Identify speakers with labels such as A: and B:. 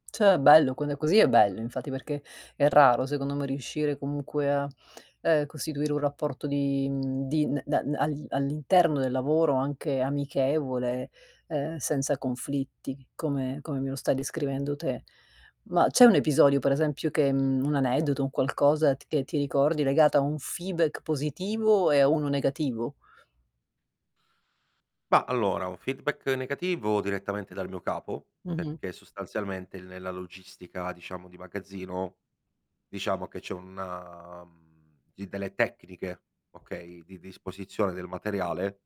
A: Cioè, è bello, quando è così è bello, infatti perché è raro secondo me riuscire comunque a, ehm, costituire un rapporto di, mhmm, di da all all'interno del lavoro, anche amichevole, ehm, senza conflitti, come come me lo stai descrivendo te. Ma c'è un episodio, per esempio che, mhmm un aneddoto, un qualcosa che ti ricordi legato a un feedback positivo e a uno negativo?
B: Ma, allora un feedback negativo direttamente dal mio capo,
A: Mh-mh.
B: perché sostanzialmente nella logistica, diciamo, di magazzino, diciamo, che c'è una delle tecniche, okay, di disposizione del materiale